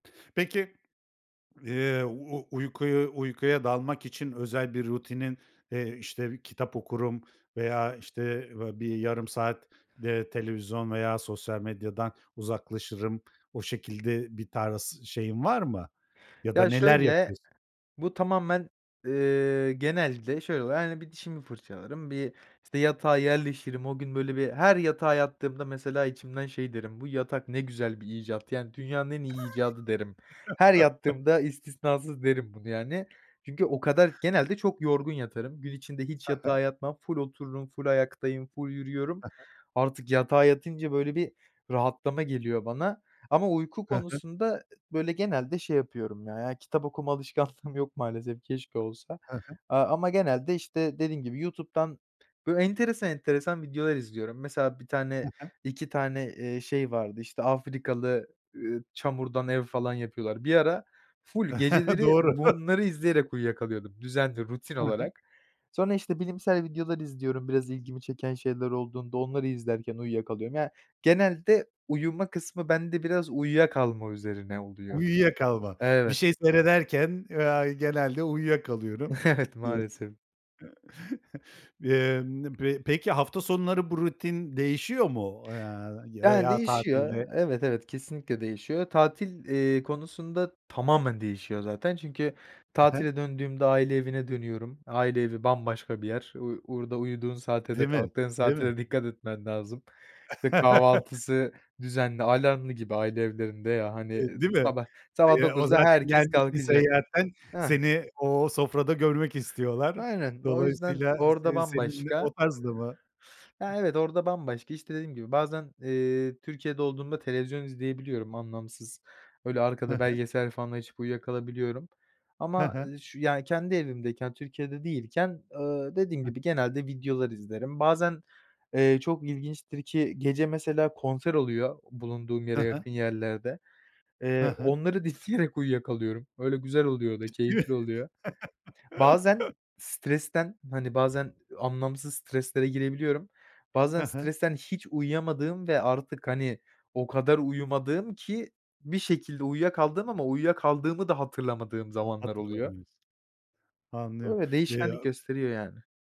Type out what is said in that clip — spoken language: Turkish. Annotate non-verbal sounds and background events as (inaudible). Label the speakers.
Speaker 1: Peki, eee, u uykuyu uykuya dalmak için özel bir rutinin, eee, işte, kitap okurum veya, işte, va bir yarım saat, eee, televizyon veya sosyal medyadan uzaklaşırım. O şekilde bir tarz şeyin var mı ya da
Speaker 2: Ya,
Speaker 1: neler
Speaker 2: şöyle,
Speaker 1: yapıyorsun?
Speaker 2: bu tamamen, eee, genelde şöyle oluyor: Hani, bir dişimi fırçalarım, bir, işte, yatağa yerleşirim. O gün, böyle, bir her yatağa yattığımda mesela içimden şey derim, "Bu yatak ne güzel bir icat yani dünyanın en iyi icadı." derim. Her
Speaker 1: (chuckles)
Speaker 2: yattığımda istisnasız derim bunu, yani. Çünkü o kadar genelde çok yorgun yatarım. Gün içinde hiç
Speaker 1: He he.
Speaker 2: yatağa yatmam, ful otururum, ful ayaktayım, ful yürüyorum.
Speaker 1: Hı hı.
Speaker 2: Artık yatağa yatınca, böyle, bir rahatlama geliyor bana ama uyku
Speaker 1: Hı hı.
Speaker 2: konusunda ı böyle, genelde şey yapıyorum, ya ya, kitap okuma alışkanlığım yok maalesef, keşke olsa.
Speaker 1: He he.
Speaker 2: Aaa, ama genelde, işte, dediğim gibi, YouTube'dan böyle enteresan enteresan videolar izliyorum. Mesela bir
Speaker 1: He
Speaker 2: tane
Speaker 1: he.
Speaker 2: 2 tane, eee, şey vardı, işte, Afrikalı, ııı, çamurdan ev falan yapıyorlar. Bir ara ful
Speaker 1: (chuckles)
Speaker 2: geceleri
Speaker 1: Doğru. (chuckles)
Speaker 2: bunları izleyerek uyuyakalıyordum. Düzenli, rutin
Speaker 1: Hı hı.
Speaker 2: olarak. Sonra, işte, bilimsel videolar izliyorum biraz ilgimi çeken şeyler olduğunda, onları izlerken uyuyakalıyorum. Ya, genelde uyuma kısmı bende biraz uyuyakalma üzerine oluyor.
Speaker 1: Uyuyuyakalma. Bir
Speaker 2: Evet.
Speaker 1: şey seyrederken, eee, ay genelde uyuyakalıyorum
Speaker 2: Evet,
Speaker 1: diyorsun.
Speaker 2: maalesef.
Speaker 1: (chuckles) Emm, nım p peki hafta sonları bu rutin değişiyor mu o ya y
Speaker 2: Yani,
Speaker 1: veya
Speaker 2: değişiyor
Speaker 1: tatilde?
Speaker 2: Evet, evet, kesinlikle değişiyor. Tatil, eee, konusunda tamamen değişiyor zaten çünkü
Speaker 1: He he.
Speaker 2: tatile döndüğümde aile evine dönüyorum. Aile evi bambaşka bir yer. U orada uyuduğun saate
Speaker 1: Değil
Speaker 2: de
Speaker 1: mi?
Speaker 2: kalktığın
Speaker 1: Değil
Speaker 2: saate
Speaker 1: mi?
Speaker 2: de dikkat etmen lazım. (unintelligible) kahvaltısı düzenli
Speaker 1: (chuckles)
Speaker 2: alarmlı gibi aile evlerinde ya, hani, ııı,
Speaker 1: Eee, değil mi?
Speaker 2: sabah
Speaker 1: T
Speaker 2: sabah
Speaker 1: ya, o
Speaker 2: 9'da
Speaker 1: zaten
Speaker 2: herkes
Speaker 1: gelmişsin
Speaker 2: kalkacak.
Speaker 1: seyehatten
Speaker 2: Hah.
Speaker 1: seni o sofrada görmek istiyorlar.
Speaker 2: Aynen, o yüzden
Speaker 1: Dolayısıyla
Speaker 2: orada
Speaker 1: s senin de
Speaker 2: bambaşka.
Speaker 1: o tarzda mı?
Speaker 2: Ya, evet, orada bambaşka, işte, dediğim gibi, bazen, eee, Türkiye'de olduğumda televizyon izleyebiliyorum anlamsız öyle
Speaker 1: He
Speaker 2: arkada
Speaker 1: he.
Speaker 2: belgesel falan açıp uyuyakalabiliyorum.
Speaker 1: He
Speaker 2: Ama,
Speaker 1: he.
Speaker 2: eee, ş yani kendi evimdeyken Türkiye'de değilken, ııı, dediğim
Speaker 1: Hı.
Speaker 2: gibi, genelde videolar izlerim. Bazen, eee, çok ilginçtir ki gece mesela konser oluyor bulunduğum
Speaker 1: He
Speaker 2: yere
Speaker 1: he.
Speaker 2: yakın yerlerde.
Speaker 1: Hı
Speaker 2: Eee,
Speaker 1: hı.
Speaker 2: onları dinleyerek uyuyakalıyorum. Öyle güzel oluyor da
Speaker 1: Ciddi?
Speaker 2: keyifli oluyor. Bazen
Speaker 1: (chuckles)
Speaker 2: stresten hani, bazen anlamsız streslere girebiliyorum. Bazen
Speaker 1: He he.
Speaker 2: stresten hiç uyuyamadığım ve artık, hani, o kadar uyumadığım ki bir şekilde uyuyakaldığım ama uyuyakaldığımı da hatırlamadığım zamanlar oluyor.
Speaker 1: Hatırlamıyorsun. Anlıyorum.
Speaker 2: Öyle.
Speaker 1: Y
Speaker 2: Değişkenlik
Speaker 1: aaa
Speaker 2: gösteriyor yani.